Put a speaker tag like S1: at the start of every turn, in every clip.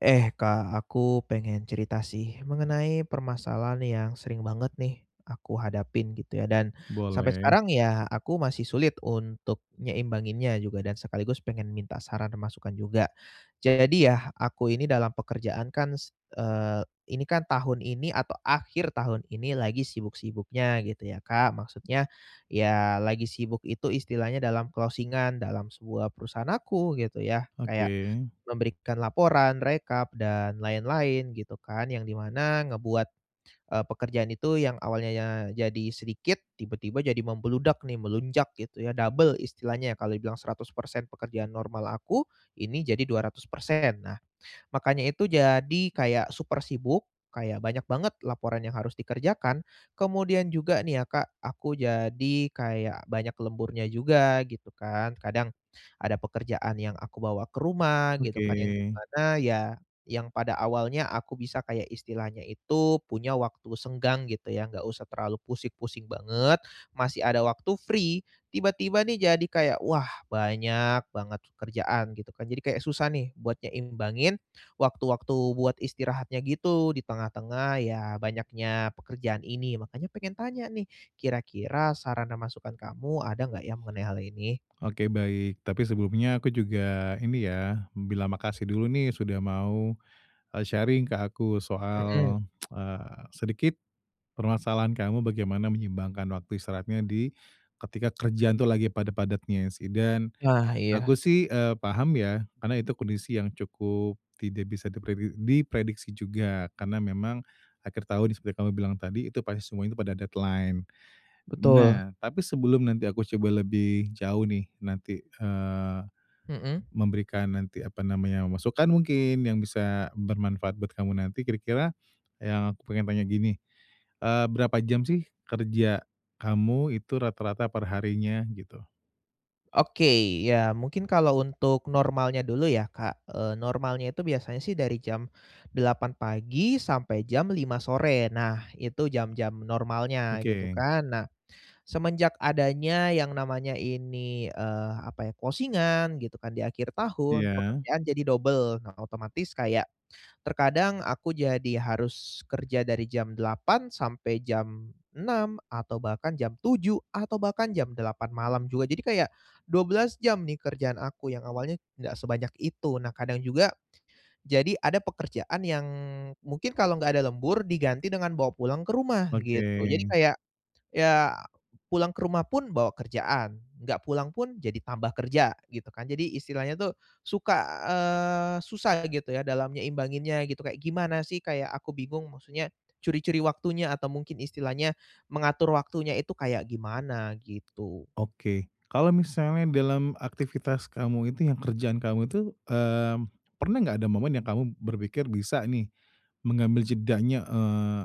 S1: Eh Kak, aku pengen cerita sih, mengenai permasalahan yang sering banget nih, aku hadapin, gitu ya, dan, sampai
S2: Boleh.
S1: sekarang, ya, aku masih sulit untuk nyeimbanginnya juga, dan sekaligus pengen minta saran, masukan juga. Jadi ya, aku ini dalam pekerjaan kan se eee, ini kan tahun ini atau akhir tahun ini, lagi sibuk-sibuknya, gitu ya Kak. Maksudnya, ya, lagi sibuk itu istilahnya dalam closing-an dalam sebuah perusahaan aku, gitu ya, kayak,
S2: Oke.
S1: memberikan laporan, rekap dan lain-lain, gitu kan, yang di mana ngebuat, eee, pekerjaan itu yang awalnya, jadi sedikit, tiba-tiba jadi membludak nih, melonjak gitu ya, double istilahnya, kalau dibilang 100% pekerjaan normal aku, ini jadi 200%. Nah, makanya itu, jadi, kayak super sibuk, kayak, banyak banget laporan yang harus dikerjakan. Kemudian juga nih, ya, Kak, aku jadi kayak banyak lemburnya juga, gitu kan, kadang ada pekerjaan yang aku bawa ke rumah, gitu
S2: Oke.
S1: kan, yang di mana, ya, yang pada awalnya aku bisa kayak istilahnya itu, punya waktu senggang, gitu ya, nggak usah terlalu pusing-pusing banget masih ada waktu free, tiba-tiba nih, jadi kayak "Wah, banyak banget pekerjaan," gitu kan, jadi kayak susah nih, buat nyeimbangin waktu-waktu buat istirahatnya, gitu, di tengah-tengah, ya, banyaknya pekerjaan ini. Makannya, pengen tanya nih, kira-kira saran dan masukan kamu, ada enggak ya, mengenai hal ini?
S2: Oke, baik. Tapi sebelumnya aku juga, ini ya, bilang makasih dulu nih sudah mau, eee, sharing ke aku
S1: Mhm.
S2: soal, eee, sedikit permasalahan kamu bagaimana menyeimbangkan waktu istirahatnya di ketika kerjaan itu lagi padat-padatnya sehi dan
S1: Nah, iya.
S2: aku sih, eee, paham ya, karena itu kondisi yang cukup tidak bisa dipredi diprediksi juga, karena memang akhir tahun di seperti yang kamu bilang tadi, itu pasti semuanya pada deadline.
S1: Betul.
S2: Nah, tapi sebelum nanti aku coba lebih jauh nih, nanti, eee,
S1: Mhm?
S2: memberikan nanti, apa namanya, masukkan mungkin, yang bisa bermanfaat buat kamu nanti, kira-kira yang aku pengen tanya gini, eee, berapa jam sih, kerja kamu itu rata-rata per harinya, gitu?
S1: Oke, ya, mungkin kalau untuk normalnya dulu, ya, Kak, eee, normalnya itu biasanya sih dari jam 8.00 pagi, sampai jam 5.00 sore, nah, itu jam-jam normalnya, gitu
S2: Oke.
S1: kan. Nah, semenjak adanya yang namanya ini, eee, apa ya, closing-an gitu kan, di akhir tahun
S2: Iya?
S1: pekerjaan jadi double. Nah, otomatis kayak, terkadang aku jadi harus kerja dari jam 8.00 sampai jam 6.00, atau bahkan jam 7.00, atau bahkan jam 8.00 malam juga, jadi, kayak 12 jam nih, kerjaan aku, yang awalnya nggak sebanyak itu. Nah, kadang juga, jadi ada pekerjaan yang mungkin kalau nggak ada lembur, diganti dengan bawa pulang ke rumah, gitu,
S2: Oke.
S1: jadi kayak, ya, pulang ke rumah pun bawa kerjaan, nggak pulang pun jadi tambah kerja, gitu kan. Jadi, istilahnya tuh, suka, eee, susah, gitu ya, dalam nyeimbanginnya, gitu, kayak, gimana sih, kayak, aku bingung maksudnya curi-curi waktunya, atau mungkin istilahnya mengatur waktunya itu, kayak gimana, gitu?
S2: Oke. Kalau misalnya dalam aktivitas kamu, itu yang kerjaan kamu itu, eee, pernah nggak ada momen yang kamu berpikir, bisa nih, mengambil jedanya, eee,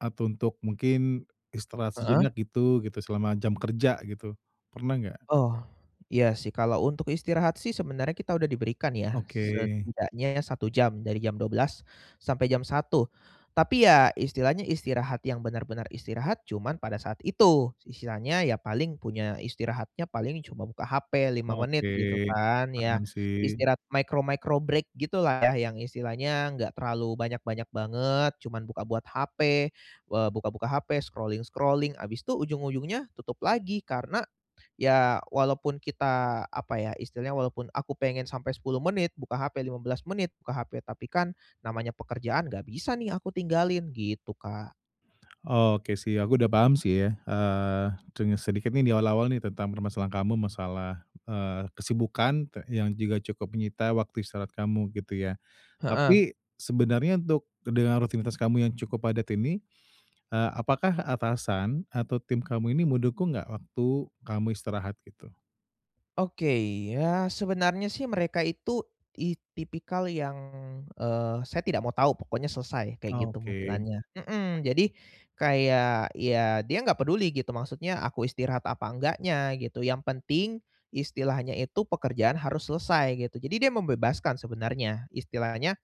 S2: atau untuk mungkin istirahat
S1: Heeh?
S2: sejenak gitu gitu selama jam kerja, gitu, pernah nggak?
S1: Oh, iya sih, kalau untuk istirahat sih sebenarnya kita udah diberikan ya,
S2: Oke.
S1: setidaknya, 1 jam dari jam 12.00 sampai jam 1.00. Tapi, ya, istilahnya istirahat yang benar-benar istirahat cuman pada saat itu, istilahnya, ya paling punya istirahatnya paling cuma buka HP 5
S2: Oke,
S1: menit, gitu kan, ya,
S2: paham sih.
S1: istirahat micro-micro break gitulah, yang istilahnya nggak terlalu banyak-banyak banget cuman buka buat HP, eee, buka-buka HP, scrolling-scrolling habis itu, ujung-ujungnya, tutup lagi. Karena, ya, walaupun kita, apa ya, istilahnya, walaupun aku pengen sampai 10 menit buka HP, 15 menit buka HP. Tapi kan, namanya pekerjaan nggak bisa nih, aku tinggalin, gitu Kak.
S2: Oke sih, aku udah paham sih ya, eee, tanya sedikit nih, di awal-awal nih, tentang permasalahan kamu masalah, eee, kesibukan te yang juga cukup menyita waktu istirahat kamu, gitu ya?
S1: Heeh.
S2: Tapi, sebenarnya untuk dengan rutinitas kamu yang cukup padat ini, eee, apakah atasan, atau tim kamu ini mendukung nggak, waktu, kamu istirahat, gitu?
S1: Oke, ya sebenarnya sih, mereka itu it tipikal yang, eee, "Saya tidak mau tahu pokoknya selesai," kayak gitu,
S2: Oke.
S1: modelannya, mhm. Jadi, kayak, ya, dia nggak peduli, gitu, maksudnya, aku istirahat apa enggaknya, gitu. Yang penting, istilahnya itu pekerjaan harus selesai, gitu, jadi dia membebaskan sebenarnya, istilahnya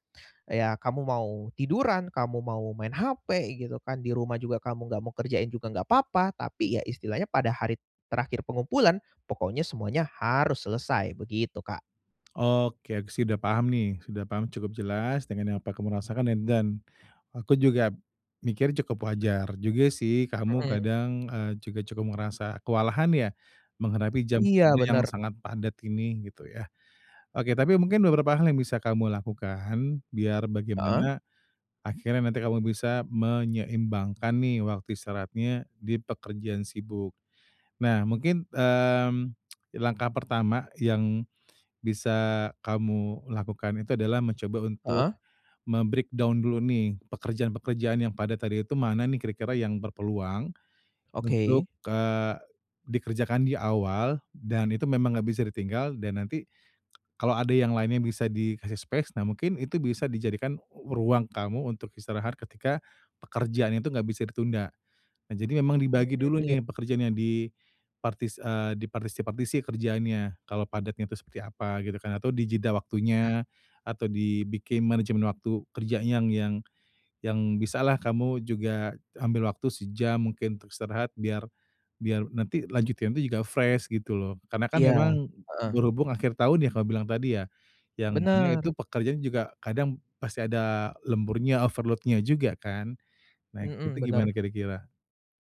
S1: "Ya kamu mau tiduran, kamu mau main HP, gitu kan, di rumah juga kamu nggak mau kerjain juga nggak papa," tapi, ya istilahnya pada hari terakhir pengumpulan, pokoknya semuanya harus selesai, begitu Kak.
S2: Oke, aku sih udah paham nih, sudah paham cukup jelas, dengan apa kamu rasakan ed dan, aku juga mikir, cukup wajar juga sih, kamu
S1: Mhm.
S2: kadang, eee, juga cukup merasa kewalahan, ya, menghadapi jam
S1: Iya,
S2: kerja yang
S1: benar.
S2: sangat padat ini, gitu ya? Oke, tapi mungkin beberapa hal yang bisa kamu lakukan biar
S1: Heeh?
S2: bagaimana akhirnya nanti kamu bisa menyeimbangkan nih, waktu istirahatnya di pekerjaan sibuk. Nah, mungkin, mmm, langkah pertama yang bisa kamu lakukan itu, adalah, mencoba untuk
S1: Heeh?
S2: mem-breakdown dulu nih, pekerjaan-pekerjaan yang padat tadi itu, "Mana nih, kira-kira yang berpeluang
S1: Oke.
S2: untuk, eee, dikerjakan di awal, dan, itu memang nggak bisa ditinggal," dan, nanti kalau ada yang lainnya, bisa dikasih space. Nah, mungkin itu bisa dijadikan ruang kamu untuk istirahat, ketika, pekerjaan itu nggak bisa ditunda. Nah, jadi memang
S1: Mmm,
S2: dibagi dulu
S1: iya.
S2: nih, pekerjaan yang di partis eee, dipartisi-partisi kerjaannya, kalau padatnya itu seperti apa, gitu kan, atau di jeda
S1: Iya.
S2: waktunya, atau dibikin manajemen waktu kerjanya yang yang yang bisalah, kamu juga ambil waktu sejam mungkin untuk istirahat biar biar nanti lanjutinnya itu juga fresh, gitu loh. Karena kan,
S1: Iya,
S2: memang,
S1: heeh.
S2: berhubung akhir tahun ya, kamu bilang tadi ya, yang mana itu
S1: Benar.
S2: pekerjaan juga kadang pasti ada lemburnya, overload-nya juga kan? Nah, itu
S1: Mhm, benar.
S2: gimana, kira-kira?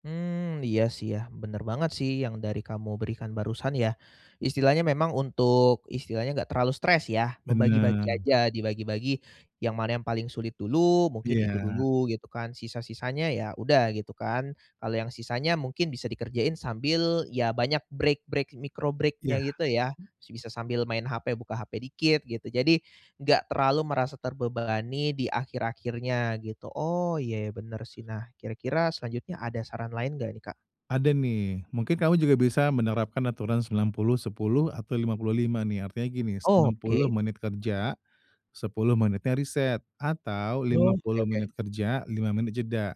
S1: Mmm, iya sih, ya, benar banget sih, yang dari kamu berikan barusan, ya. Istilahnya memang untuk istilahnya nggak terlalu stres, ya? Membagi-bagi
S2: Benar.
S1: aja, dibagi-bagi, yang mana yang paling sulit dulu, mungkin itu
S2: Iya.
S1: dulu, gitu kan? Sisa-sisanya, ya udah, gitu kan? Kalau yang sisanya mungkin bisa dikerjain sambil, ya, banyak break-break micro break-nya,
S2: Iya.
S1: gitu ya? Bisa sambil main HP buka HP dikit, gitu. Jadi, nggak terlalu merasa terbebani di akhir-akhirnya, gitu, oh, iya ya benar sih. Nah, kira-kira selanjutnya ada saran lain nggak nih, Kak?
S2: Ada nih, mungkin kamu juga bisa menerapkan aturan 90:10, atau 50:5 nih, artinya gini, 90
S1: Oke.
S2: menit kerja, 10 menitnya reset, atau, lima
S1: Oh, oke
S2: puluh
S1: oke.
S2: menit kerja, 5 menit jeda.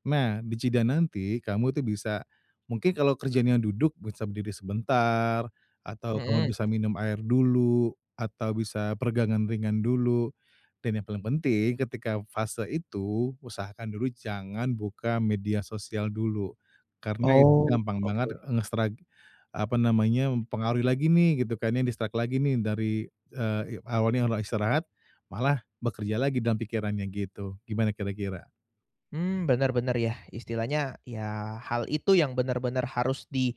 S2: Nah, d ijeda nanti kamu itu bisa mungkin kalau kerjanya duduk bisa berdiri sebentar, atau kamu
S1: Mhm.
S2: bisa minum air dulu, atau bisa peregangan ringan dulu dan yang paling penting ketika fase itu, usahakan dulu jangan buka media sosial dulu. Karena, itu
S1: Oh,
S2: gampang
S1: oke.
S2: banget, eee, ngestrak apa namanya, mempengaruhi lagi nih, gitu kan ya, distract lagi nih dari, eee, i awalnya udah istirahat, malah bekerja lagi dalam pikirannya, gitu, gimana kira-kira?
S1: Mmm, benar benar ya, istilahnya, ya, hal itu yang benar-benar harus di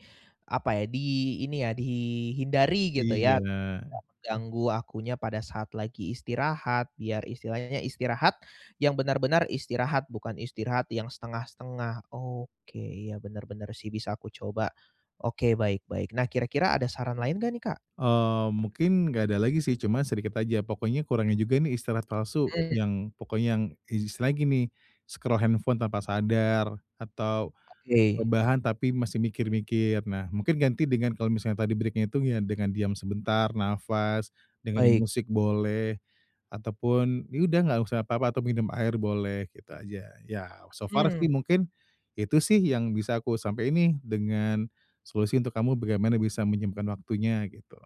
S1: apa ya, di ini ya, dihindari, gitu ya?
S2: Iya.
S1: Nggak menganggu akunya pada saat lagi istirahat, biar istilahnya, istirahat, yang benar-benar istirahat, bukan istirahat yang setengah-setengah, oke, iya benar-benar sih, bisa aku coba. Oke, baik-baik, nah, kira-kira ada saran lain enggak nih, Kak?
S2: Eee, mungkin nggak ada lagi sih, cuma sedikit aja, pokoknya kurangin juga nih istirahat palsu
S1: Mmm.
S2: yang pokoknya yang, istilahnya gini, scroll handphone tanpa sadar, atau
S1: Oke.
S2: rebahan, tapi masih mikir-mikir. Nah, mungkin ganti dengan kalau misalnya tadi break-nya itu ya dengan diam sebentar, nafas, dengerin
S1: Baik.
S2: musik boleh ataupun, ya udah, nggak usah apa-apa, atau minum air boleh gitu aja, ya so far
S1: Mmm.
S2: sih, mungkin, itu sih, yang bisa aku sampein nih dengan solusi untuk kamu bagaimana bisa menyeimbangkan waktunya, gitu.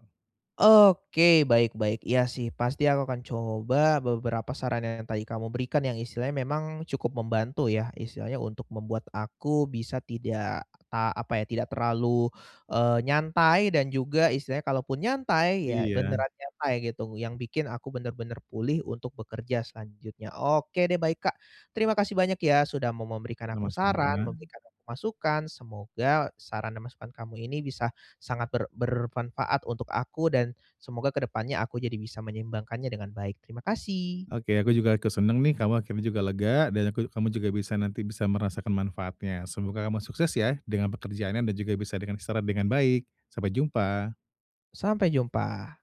S1: Oke, baik-baik, iya sih, pasti aku akan coba beberapa sarannya yang tadi kamu berikan yang istilahnya memang, cukup membantu ya? Istilahnya, untuk membuat aku bisa tidak, a apa ya tidak terlalu, eee, nyantai dan juga istilahnya kalaupun nyantai, ya,
S2: Iya.
S1: beneran nyantai, gitu, yang bikin aku benar-benar pulih untuk bekerja selanjutnya, oke deh, baik Kak. Terima kasih banyak ya, sudah mau memberikan aku saran,
S2: Sama-sama.
S1: memberikan aku masukan, semoga saran dan masukan kamu ini bisa sangat ber bermanfaat untuk aku, dan, semoga ke depannya aku jadi bisa menyeimbangkannya dengan baik. Terima kasih.
S2: Oke, aku juga ikut senang nih, kamu akhirnya juga lega dan aku kamu juga bisa nanti bisa merasakan manfaatnya. Semoga kamu sukses ya, dengan pekerjaannya, dan juga bisa dengan istirahat dengan baik. Sampai jumpa.
S1: Sampai jumpa.